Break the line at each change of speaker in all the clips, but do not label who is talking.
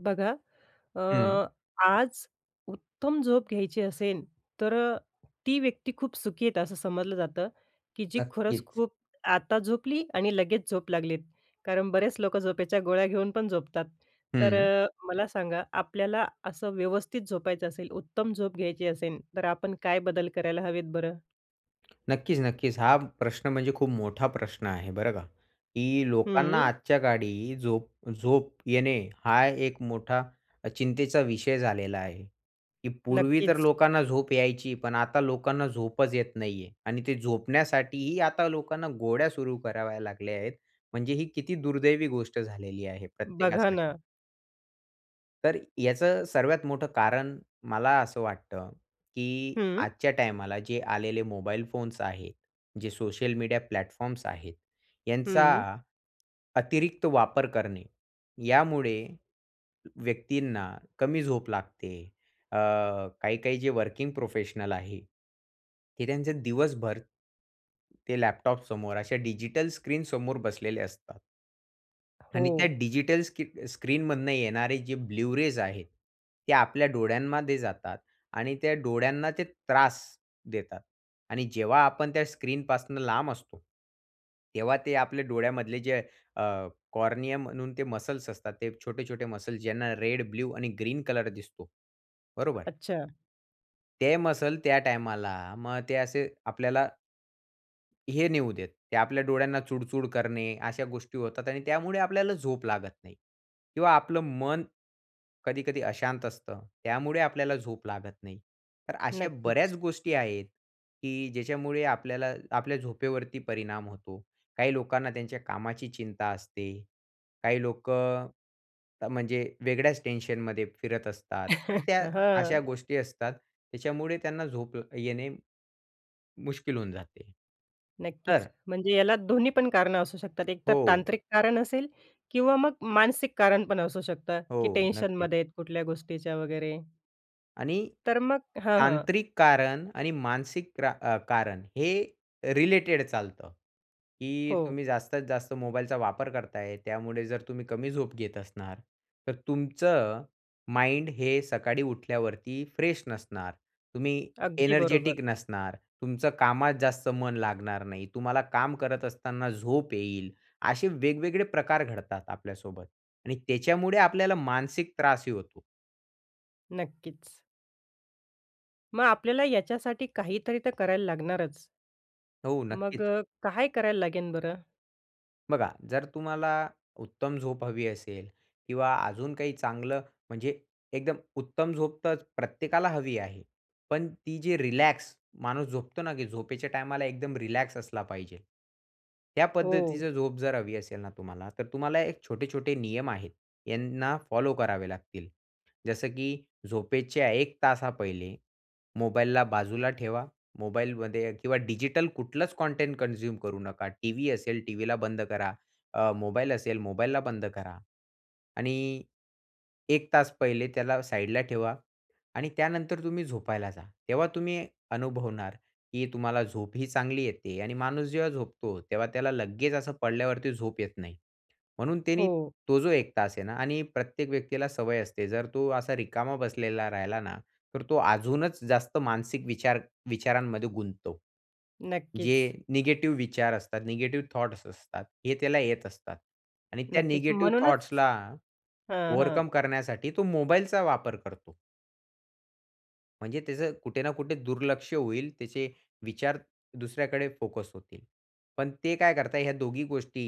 बघा. अ,
हं.
आज उत्तम झोप घ्यायची असेल, तर अ, ती व्यक्ती खूप सुखी आहेत असं समजलं जातं, की जी खरंच
नक्कीच.
खूप आता झोपली आणि लगेच झोप लागलीत, कारण बरेच लोकं झोपेच्या गोळ्या घेऊन पण झोपतात. तर
हं.
अ, मला सांगा. आपल्याला असं व्यवस्थित झोपायचं असेल, उत्तम झोप घ्यायची असेल. तर आपण काय बदल करायला हवेत बरं?
नक्कीच, नक्कीच. हा प्रश्न म्हणजे खूप मोठा प्रश्न आहे, बरं का की लोकांना
हं.
आजच्या काळी झोप झोप येणे हा एक मोठा अ, चिंतेचा विषय झालेला आहे, की पूर्वी तर
नक्कीच.
लोकांना झोप यायची. पण आता लोकांना झोपच येत नाहीये आणि ते झोपण्यासाठीही आता लोकांना गोळ्या सुरू कराव्या लागल्या आहेत. म्हणजे ही किती दुर्दैवी गोष्ट झालेली आहे
बघा ना.
प्रत्येकासाठी. तर याचं सर्वात मोठं कारण मला असं वाटतं, की
हं.
आजच्या टायमाला जे आलेले मोबाईल फोन्स आहेत. जे सोशल मीडिया प्लॅटफॉर्म्स आहेत. यांचा
हं.
अतिरिक्त वापर करणे. यामुळे व्यक्तींना कमी झोप लागते. अ, काही-काही जे वर्किंग प्रोफेशनल आहे हे त्यांचे दिवसभर, ते लॅपटॉपसमोर अशा डिजिटल स्क्रीनसमोर बसलेले असतात. आणि त्या
हो.
डिजिटल स्की स्क्रीनमधुन येणारे जे ब्लू रेज आहेत. ते आपल्या डोळ्यांमध्ये जातात आणि त्या डोळ्यांना ते त्रास देतात आणि जेव्हा आपण त्या स्क्रीनपासून लांब असतो. तेव्हा ते आपल्या डोळ्यामधले जे अ, कॉर्निया म्हणून ते मसल्स असतात. ते छोटे-छोटे मसल्स ज्यांना रेड, ब्लू आणि ग्रीन कलर दिसतो, बरोबर.
अच्छा.
ते मसल्स त्या टायमाला मग ते असे आपल्याला हे नेऊ देत. ते आपल्या डोळ्यांना चुळ-चुळ करणे अशा गोष्टी होतात आणि त्यामुळे आपल्याला झोप लागत नाही. किंवा आपलं मन कधी-कधी अशांत असतं. त्यामुळे आपल्याला झोप लागत नाही. तर अशा
नक्कीच.
बऱ्याच गोष्टी आहेत, की ज्याच्यामुळे आपल्याला आपल्या झोपेवरती परिणाम होतो. काही लोकांना त्यांच्या कामाची चिंता असते, काही लोकं अ, म्हणजे वेगळ्याच टेन्शनमध्ये फिरत असतात. तर त्या
हं.
अशा गोष्टी असतात. त्याच्यामुळे त्यांना झोप अ, येणे मुश्किल होऊन जाते.
नक्कीच.
तर
म्हणजे याला दोन्हीपण कारणं असू शकतात. एक तर
हो.
तांत्रिक कारण असेल किंवा मग मानसिक कारण पण असू शकतं, की
हो, नक्कीच.
टेन्शनमध्ये आहे कुठल्या गोष्टीच्या वगैरे?
आणि
तर मग हं, हं.
तांत्रिक कारण आणि मानसिक त्रा अ, कारण हे रिलेटेड चालतं, की
हो.
तुम्ही जास्तीत-जास्त मोबाईलचा वापर करताय त्यामुळे जर तुम्ही कमी झोप घेत असणार, तर तुमचं माइंड हे सकाळी उठल्यावरती फ्रेश नसणार, तुम्ही
अगदी बरोबर.
एनर्जेटिक नसणार, तुमचं कामात जास्त मन लागणार नाही, तुम्हाला काम करत असताना झोप येईल. असे वेगवेगळे प्रकार घडतात आपल्यासोबत आणि त्याच्यामुळे आपल्याला मानसिक त्रासही होतो.
नक्कीच. मग आपल्याला याच्यासाठी काहीतरी तर करायला लागणारच.
हो,
मग
नक्कीच.
अ, काय करायला लागेल बरं?
बघा, जर तुम्हाला उत्तम झोप हवी असेल किंवा अजून काही चांगलं म्हणजे एकदम उत्तम झोप तर प्रत्येकाला हवी आहे. पण ती जी रिलॅक्स माणूस झोपतो ना, की झोपेच्या टाईमाला एकदम रिलॅक्स असला पाहिजे. त्या
हो.
पद्धतीची झोप जर हवी असेल ना तुम्हाला तर तुम्हाला एक छोटे-छोटे नियम आहेत, यांना फॉलो करावे लागतील. जसं की झोपेच्या 1 तासा पहिले मोबाईलला बाजूला ठेवा. मोबाईलमध्ये किंवा डिजिटल कुठलंच कॉटेंट कन्झ्युम करू नका. टीव्ही असेल टीव्हीला बंद करा, अ, मोबाईल असेल मोबाईलला बंद करा आणि 1 तास पहिले त्याला साइडला ठेवा आणि त्यानंतर तुम्ही झोपायला जा. तेव्हा तुम्ही अनुभवणार, की तुम्हाला झोपही चांगली येते, आणि माणूस जेव्हा झोपतो, तेव्हा त्याला लगेच असं पडल्यावरती झोप येत नाही. म्हणून त्यानी
हो.
तो जो 1 तास आहे ना आणि प्रत्येक व्यक्तीला सवय असते. जर तो असा रिकामा बसलेला राहिला ना, तर तो अजूनच जास्त मानसिक विचार विचारांमध्ये गुंततो. जे
नक्कीच.
निगेटिव्ह विचार असतात, निगेटिव्ह थॉट्स असतात, हे त्याला येत असतात आणि त्या
नक्कीच.
निगेटिव्ह
म्हणूनच
थॉट्सला
हं, हं.
ओव्हरकम करण्यासाठी तो मोबाईलचा वापर करतो. म्हणजे त्याचं कुठे ना, कुठे दुर्लक्ष होईल, त्याचे विचार दुसऱ्याकडे फोकस होतील. पण ते काय करतात, ह्या दोघी गोष्टी,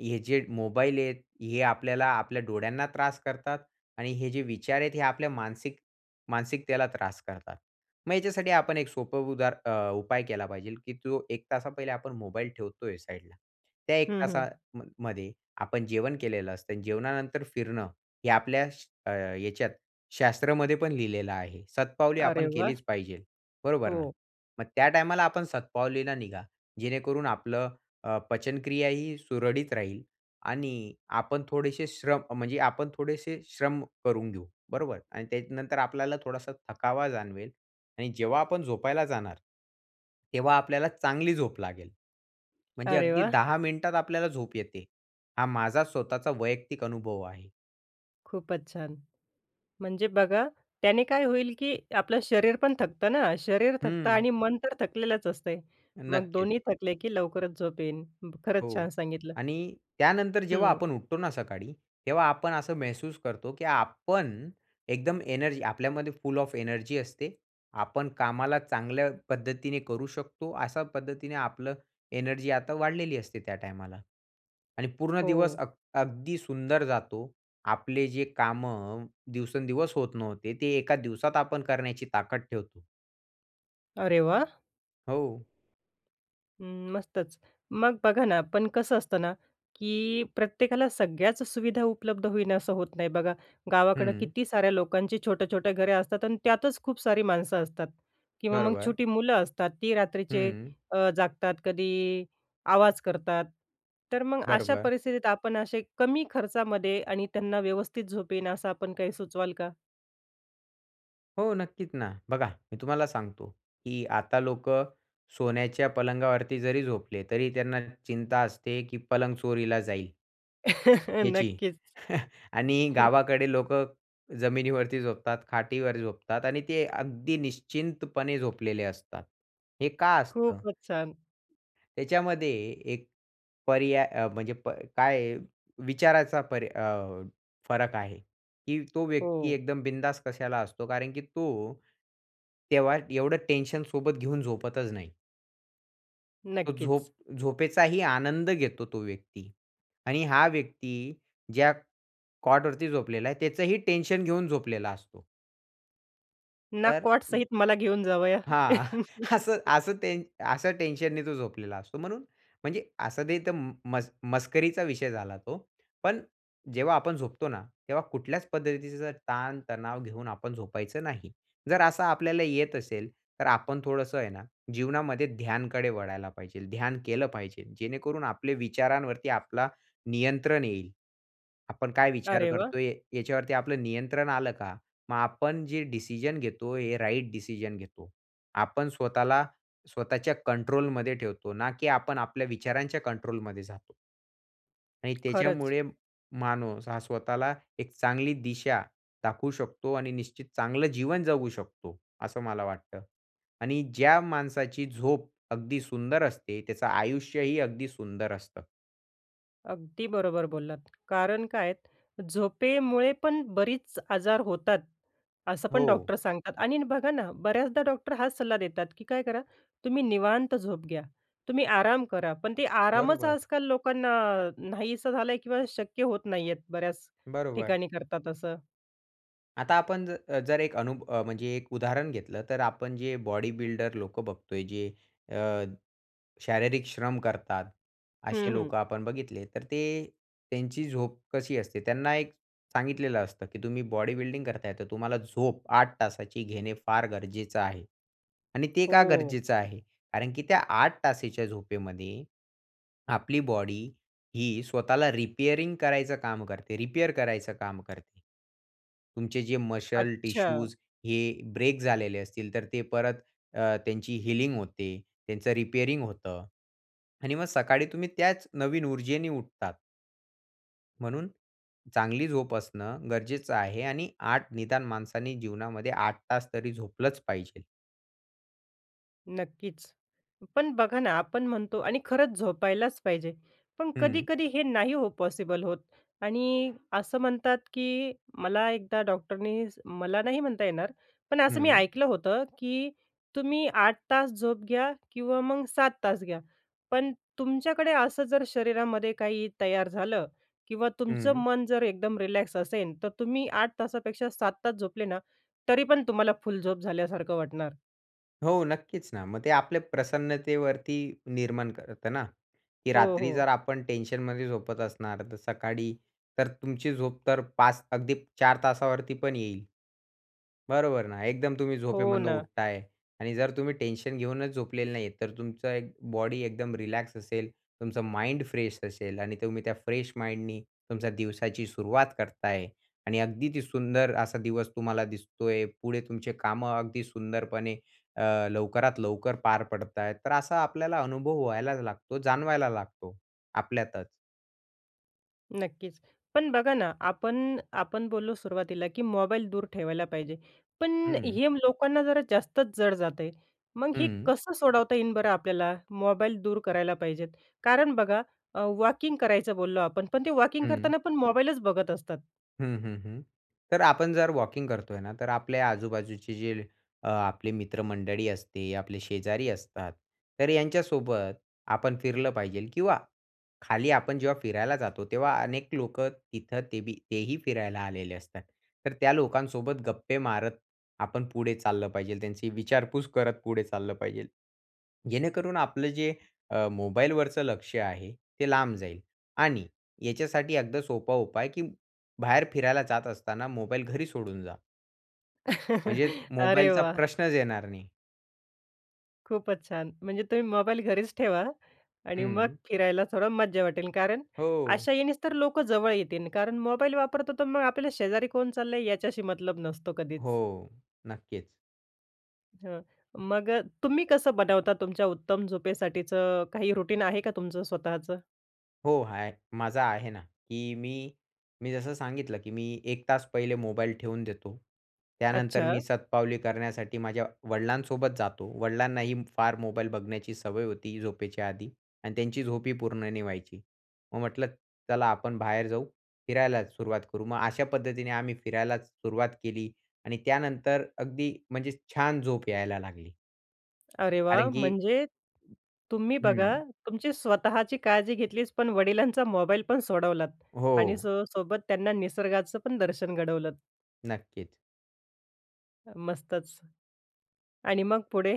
हे जे मोबाईल आहेत, हे आपल्याला आपल्या डोळ्यांना त्रास करतात आणि हे जे विचार आहेत, हे आपल्या मानसिक मानसिकतेला त्रास करतात. मग ह्याच्यासाठी आपण एक सोपं उदार अ, उपाय केला पाहिजे, की तो 1 तासा पहिले आपण मोबाईल ठेवतोय साइडला. त्या 1
हं, हं.
तासाम मध्ये आपण जेवण केलेलं असतं. जेवणानंतर फिरणं हे आपल्या श अ, ह्याच्यात शास्त्रामध्ये पण लिहिलेलं आहे. शतपावली
अरे
आपण
वाह!
केलीच पाहिजे, बरोबर ना,
हो.
मग त्या टाईमाला आपण शतपावलीला निघा, जेणेकरून आपलं अ, पचनक्रियाही सुरळीत राहील आणि आपण थोडेसे श्रम, म्हणजे आपण थोडेसे श्रम करून घेऊ, बरोबर आणि त्याच्यानंतर आपल्याला थोडासा थकावा जाणवेल आणि जेव्हा आपण झोपायला जाणार, तेव्हा आपल्याला चांगली झोप लागेल. म्हणजे
अरे
अगदी
वाह!
10 मिनिटात आपल्याला झोप येते, हा माझा स्वतःचा वैयक्तिक अनुभव आहे.
खूपच छान! म्हणजे बघा त्याने काय होईल, की आपलं शरीर पण थकतं ना, शरीर थकतं
हं.
आणि मन तर थकलेलच असतंय. मग
नक्कीच.
दोन्ही थकले, की लवकरच झोप येईन. उम्म, खरंच
हो
छान सांगितलं.
आणि त्यानंतर, जेव्हा
हं.
आपण उठतो ना सकाळी, तेव्हा आपण असं महसूस करतो, की आपण एकदम एनर्जी आपल्यामध्ये फुल ऑफ एनर्जी असते. आपण कामाला चांगल्या पद्धतीने करू शकतो, अशा पद्धतीने आपलं एनर्जी आता वाढलेली असते त्या टायमाला आणि पूर्ण दिवस
हो.
अग अगदी सुंदर जातो. आपले जे कामं दिवसेंदिवस होत नव्हते, ते एका दिवसात आपण करण्याची ताकद ठेवतो.
अरे वाह!
हो.
अम्म, मस्तच. मग बघा ना, पण कसं असतं ना की प्रत्येकाला सगळ्याच सुविधा उपलब्ध होईन असं होत नाही. बघा, गावाकडे
हं.
किती साऱ्या लोकांची छोटे-छोटे घरे असतात आणि त्यातच खूप सारी माणसं असतात. किंवा मग
बरोबर.
छोटी मुलं असतात, ती रात्रीचे
हं.
अ, जागतात, कधी आवाज करतात. तर मग, अशा
बरोबर.
परिस्थितीत आपण असे कमी खर्चामध्ये आणि त्यांना व्यवस्थित झोप येईल असं आपण काही सुचवाल का?
हो नक्कीच ना. बघा, मी तुम्हाला सांगतो की आता लोकं सोन्याच्या पलंगावरती जरी झोपले तरी त्यांना चिंता असते, की पलंग चोरीला जाईल याची
नक्कीच.
आणि
हं.
गावाकडे लोकं जमिनीवरती झोपतात, खाटीवर झोपतात आणि ते अगदी निश्चिंतपणे झोपलेले असतात. हे का असतं?
खूपच छान.
त्याच्यामध्ये, एक पर्याय अ, म्हणजे प काय, विचाराचा पर अ, फरक आहे. की तो व्यक्ती
हो.
एकदम बिंधास्त कशाला असतो कारण की तो, तेव्हा एवढं टेन्शन सोबत घेऊन झोपतच नाही. तो
नक्कीच.
झोप झोपेचाही आनंद घेतो तो व्यक्ती आणि हा व्यक्ती ज्या कॉटवरती झोपलेला आहे. त्याचंही टेन्शन घेऊन झोपलेला असतो.
ना
तर
कॉट सहित मला घेऊन जावया.
हां. असं असं ते असं टेन्शनने तो झोपलेला असतो. म्हणून म्हणजे असं ते तर म मस मस्करीचा विषय झाला तो. पण जेव्हा आपण झोपतो ना, तेव्हा कुठल्याच पद्धतीचा ताणतणाव घेऊन आपण झोपायचं नाही. जर असं आपल्याला येत असेल, तर आपण थोडंसं आहे ना जीवनामध्ये ध्यानकडे वळायला पाहिजे. ध्यान केलं पाहिजे, जेणेकरून आपले विचारांवरती आपला नियंत्रण येईल. आपण काय विचार
अरे वाह!
करतोय? याच्यावरती आपलं नियंत्रण आलं का? मग आपण जे डिसिजन घेतो हे राइट डिसिजन घेतो. आपण स्वतःला स्वतःच्या कंट्रोलमध्ये ठेवतो, ना की आपण आपल्या विचारांच्या कंट्रोलमध्ये जातो. आणि
खरंच.
त्याच्यामुळे माणूस हा स्वतःला एक चांगली दिशा दाखवू शकतो आणि निश्चित चांगलं जीवन जगू शकतो, असं मला वाटतं. आणि ज्या माणसाची झोप अगदी सुंदर असते. त्याचं आयुष्यही अगदी सुंदर असतं.
अगदी बरोबर बोललात कारण काय आहे. झोपेमुळे पण बरीच आजार होतात, असं पण
हो.
डॉक्टर सांगतात. आणि बघा ना, बऱ्याचदा डॉक्टर हाच सल्ला देतात, की "काय करा तुम्ही निवांत झोप घ्या, तुम्ही आराम करा." पण ते आरामच
बरोबर.
आज-काल लोकांना नाहीसं झालंय किंवा शक्य होत नाहीये, बऱ्याच
बरोबर.
ठिकाणी करतात असं.
आता आपण जर जर 1 अनु म्हणजे 1 उदाहरण घेतलं, तर आपण जे बॉडीबिल्डर लोकं बघतोय, जे अ, शारीरिक श्रम करतात,
हं,
असे
हं.
लोकं आपण बघितले, तर ते त्यांची झोप कशी असते? त्यांना एक सांगितलेलं असतं, की "तुम्ही बॉडीबिल्डिंग करताय, तर तुम्हाला झोप 8 तासाची घेणे फार गरजेच आहे आणि ते का
हो.
गरजेच आहे? कारण की त्या 8 तासाच्या झोपेमध्ये आपली बॉडी स्वतःला रिपेअरिंग करायचं काम करते. रिपेअर करायचं काम करते. तुमचे जे मसल,
अच्छा!
टिश्यूज हे ब्रेक झालेले असतील, तर ते परत अ, त्यांची हीलिंग होते, त्यांचं रिपेअरिंग होतं आणि मग सकाळी तुम्ही त्याच नवीन ऊर्जेने उठतात." म्हणून चांगली झोप असणं गरजेचं आहे आणि 8 निदान माणसांनी जीवनामध्ये 8 तास तरी झोपलंच पाहिजे.
नक्कीच. पण बघा ना, आपण म्हणतो आणि खरंच झोपायलाचं पाहिजे. पण
हं.
कधी-कधी हे नाही हो पॉसिबल होत आणि असं म्हणतात, की मला एकदा डॉक्टरनी स मला नाही म्हणता येणार पण असं मी
हं.
ऐकलं होतं, की तुम्ही 8 तास झोप घ्या किंवा मग 7 तास घ्या. पण तुमच्याकडे असं जर शरीरामध्ये काही तयार झालं किंवा तुमचं
हं.
मन जर एकदम रिलॅक्स असेन, तर तुम्ही 8 तासापेक्षा 7 तास झोपले ना, तरी पण तुम्हाला फुल झोप झाल्यासारखं वाटणार.
हो, नक्कीच ना. मग ते आपल्या प्रसन्नतेवरती निर्माण करतं ना, की
हो,
रात्री
हो.
जर आपण टेन्शनमध्ये झोपत असणार, तर सकाळी तर तुमची झोप तर 5 अगदी 4 तासावरती पण येईल. बरोबर ना. एकदम तुम्ही
हो
झोपेमधनं
ना.
उठत आहे आणि जर तुम्ही टेन्शन घेऊनच झोपलेले नाही आहेत. तर तुमचं एक बॉडी एकदम रिलॅक्स असेल, तुमचा माइंड फ्रेश असेल आणि तुम्ही त्या फ्रेश माइंडनी तुमच्या दिवसाची सुरुवात करता आहे आणि अगदी ती सुंदर असा दिवस तुम्हाला दिसतो आहे. पुढे तुमची कामं अगदी सुंदरपणे अ, लवकरात लवकर पार पडता आहेत. तर असा आपल्याला अनुभव व्हायला लागतो, जाणवायला लागतो आपल्यातचं.
नक्कीच. पण बघा ना, आपण आपण बोललो सुरुवातीला, की मोबाईल दूर ठेवायला पाहिजे, पण
हं.
हे लोकांना जरा जास्तच जड जात आहे. मग हे
हं.
कसं सोडवता येईन बरं आपल्याला? मोबाईल दूर करायला पाहिजे कारण बघा अ, वॉकिंग करायचं बोललो आपण. पण ते वॉकिंग
हं.
करताना पण मोबाईलच बघत असतात.
हं, हं, हं. तर आपण जर वॉकिंग करतोय ना. तर आपल्या आजूबाजूचे जे अ, आपले मित्रमंडळी असते, आपले शेजारी असतात. तर यांच्यासोबत आपण फिरलं पाहिजे किंवा खाली आपण जेव्हा फिरायला जातो, तेव्हा अनेक लोकं तिथं तेबी तेही फिरायला आलेले असतात. तर त्या लोकांसोबत गप्पे मारत आपण पुढे चाललं पाहिजे. त्यांची विचारपूस करत पुढे चाललं पाहिजे. जेणेकरून आपलं जे मोबाईलवरचं लक्ष आहे ते लांब जाईल आणि याच्यासाठी अगदी सोपा उपाय की बाहेर फिरायला जात असताना मोबाईल घरी सोडून जा. म्हणजे
अरे
मोबाईलचा
वाह!
प्रश्नच येणार नाही.
खूपच छान. म्हणजे तुम्ही मोबाईल घरीच ठेवा आणि मग
हं.
फिरायला थोडं मज्जा वाटेल कारण
हो.
अशा यानीच तर लोकं जवळ येतील कारण मोबाईल वापरतो. तर मग आपल्याला शेजारी कोण चाललंय याच्याशी मतलब नसतो कधीच.
हो, नक्कीच.
हं, मग अ, तुम्ही कसं बनवता तुमच्या उत्तम झोपेसाठीचं, काही रुटीन आहे का तुमचं स्वतःचं?
हो, हाय. माझा आहे ना, की मी मी जसं सांगितलं, की मी 1 तास पहिले मोबाईल ठेवून देतो. त्यानंतर
अच्छा.
मी शतपावली करण्यासाठी माझ्या वडिलांसोबत जातो. वडिलांनाही फार मोबाईल बघण्याची सवय होती, झोपेच्या आधी आणि त्यांची झोपही पूर्ण नाही व्हायची, मग म्हटलं, "चला, आपण बाहेर जाऊ, फिरायलाच सुरुवात करू." मग अशा पद्धतीने आम्ही फिरायलाच सुरुवात केली आणि त्यानंतर अगदी म्हणजे छान झोप यायला लागली.
अरे वाह!
कारण की
म्हणजे तुम्ही बघा,
हं.
तुमची स्वतःची काळजी घेतलीच पण वडिलांचा मोबाईल पण सोडवलात आणि अ,
हो.
सो सोबत त्यांना निसर्गाचपण दर्शन घडवलंत.
नक्कीच.
अ, मस्तच. आणि मग पुढे?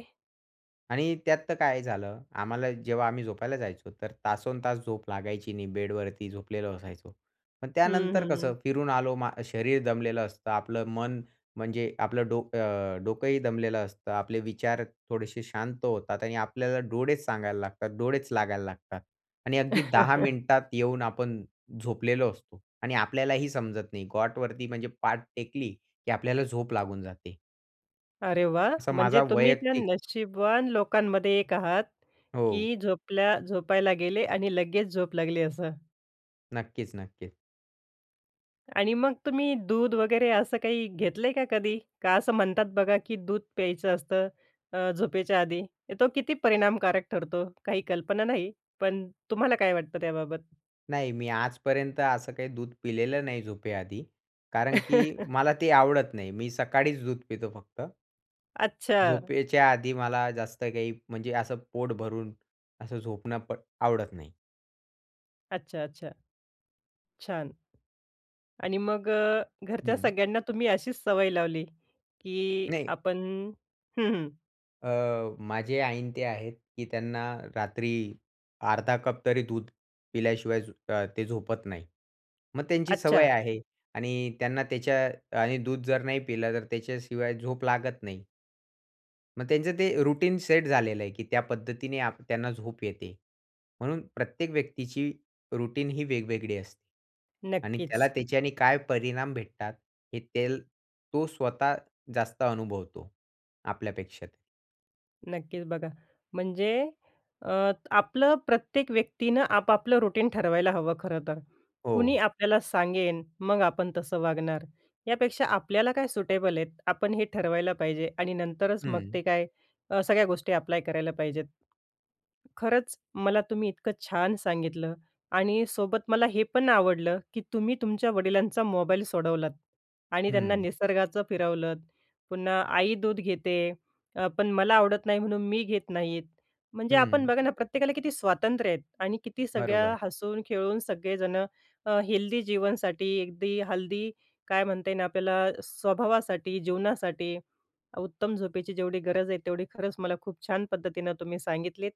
आणि त्यात तर काय झालं, आम्हाला जेव्हा आम्ही झोपायला जायचो, तर तासंतास झोप लागायची नाही, बेडवरती झोपलेलो असायचो. पण
हं,
त्यानंतर
हं.
कसं, फिरून आलो, मा शरीर दमलेलं असतं, आपलं मन, म्हणजे आपलं डोकं, अ, डोकंही दमलेलं असतं. आपले विचार थोडेसे शांत होतात आणि आपल्याला डोळेच सांगायला लागतात, डोळेच लागायला लागतात. आणि अगदी 10 मिनिटात येऊन आपण झोपलेलो असतो, आणि आपल्यालाही समजत नाही. कॉटवरती, म्हणजे पाठ टेकली, की आपल्याला झोप लागून जाते.
अरे वाह!
असा माझा
म्हणजे तुम्ही जर
वैयक्तिक
नशीबवान लोकांमध्ये एक आहात,
हो.
की झोपल्या झोपायला गेले आणि लगेच झोप लागली असं.
नक्कीच, नक्की.
आणि मग तुम्ही दूध वगैरे, असं काही घेतलंय का कधी? का असं म्हणतात बघा, की दूध प्यायचं असतं, अ, झोपेच्या आधी. तो किती परिणामकारक ठरतो? काही कल्पना नाही, पण तुम्हाला काय वाटतं त्याबाबत?
नाही, मी आजपर्यंत असं काही दूध पिलेलं नाही झोपेआधी. कारण की मला ते आवडत नाही. मी सकाळीच दूध पितो फक्त.
अच्छा.
झोपेच्या आधी मला जास्त काही म्हणजे असं पोट भरून, असं झोपणं प आवडत नाही.
अच्छा, अच्छा. छान! आणि मग अ, घरच्या
हं.
सगळ्यांना तुम्ही अशीच सवय लावली, की
नाही.
आपण हं, हं.
अ, माझे आई आणि ते आहेत, की त्यांना रात्री 1/2 कप तरी दूध पिल्याशिवाय झो अ, ते झोपत नाही. मग त्यांची सवय
अच्छा.
आहे आणि त्यांना त्याच्या आणि दूध जर नाही पिलं तर त्याच्याशिवाय झोप लागत नाही. मग त्यांचं ते अ, रूटीन सेट झालेलं आहे, की त्या पद्धतीने आ त्यांना झोप येते. म्हणून प्रत्येक व्यक्तीची रूटीन ही वेगवेगळी असते. आणि
नक्कीच.
त्याला त्याच्याने काय परिणाम भेटतात, हे तेल तो स्वतः जास्त अनुभवतो आपल्यापेक्षा.
नक्कीच बघा. म्हणजे अ, आपलं प्रत्येक व्यक्तीनं आप-आपलं रुटीन ठरवायला हवं खरं तर. कुणी
हो.
आपल्याला सांगेन मग आपण तसं वागणार. यापेक्षा आपल्याला काय सुटेबल आहेत आपण हे ठरवायला पाहिजे आणि नंतरच मग ते
हं.
काय अ, सगळ्या गोष्टी अप्लाय करायला पाहिजेत. खरंच मला तुम्ही इतकं छान सांगितलं आणि सोबत मला हे पण आवडलं, की तुम्ही तुमच्या वडिलांचा मोबाईल सोडवलात आणि त्यांना
हं.
निसर्गाचं फिरवलंत. पुन्हा आई दूध घेते अ, पण मला आवडत नाही म्हणून मी घेत नाही म्हणजे आपण
हं.
बघा ना प्रत्येकाला किती स्वातंत्र्य आहेत आणि किती सगळ्या
बरोबर.
हसून खेळून सगळेजणं अ, हेल्दी जीवनसाठी अगदी हेल्दी काय म्हणता येईल आपल्याला स्वभावासाठी जीवनासाठी उत्तम झोपेची जेवढी गरज आहे तेवढी खरंच मला खूप छान पद्धतीनं तुम्ही सांगितलीत.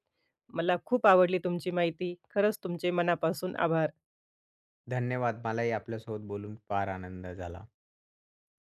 मला खूप आवडली तुमची माहिती खरंच तुमचे मनापासून आभार.
धन्यवाद. मलाही आपल्यासोबत बोलून फार आनंद झाला.